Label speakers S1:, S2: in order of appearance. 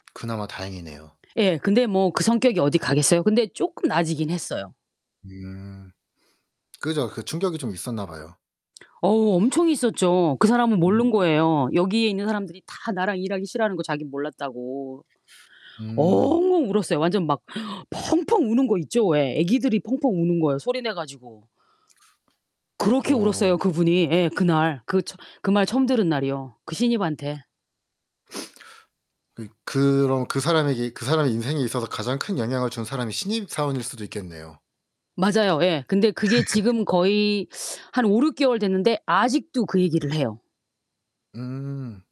S1: 그나마 다행이네요.
S2: 예 근데 뭐 그 성격이 어디 가겠어요? 근데 쪼끔 나아지긴 했어요
S1: 음. 그죠. 그 충격이 좀 있었나 봐요.
S2: 어우 엄청 있었죠. 그 사람은 모른
S1: 음.
S2: 거예요. 여기에 있는 사람들이 다 나랑 일하기 싫어하는 거 자긴 몰랐다고.
S1: 음.
S2: 엉엉 울었어요. 완전 막 펑펑 우는 거 있죠? 왜 애기들이 펑펑 우는 거요 소리 내 가지고. 그렇게
S1: 어.
S2: 울었어요, 그분이 예 그날. 그 처 그 말 처음 들은 날이요, 그 신입한테.
S1: 그 그럼 그 사람에게 그 사람의 인생에 있어서 가장 큰 영향을 준 사람이 신입사원일 수도 있겠네요.
S2: 맞아요 예. 근데 그게 지금 거의 한 5-6 개월 됐는데 아직도 그 얘기를 해요.
S1: 음.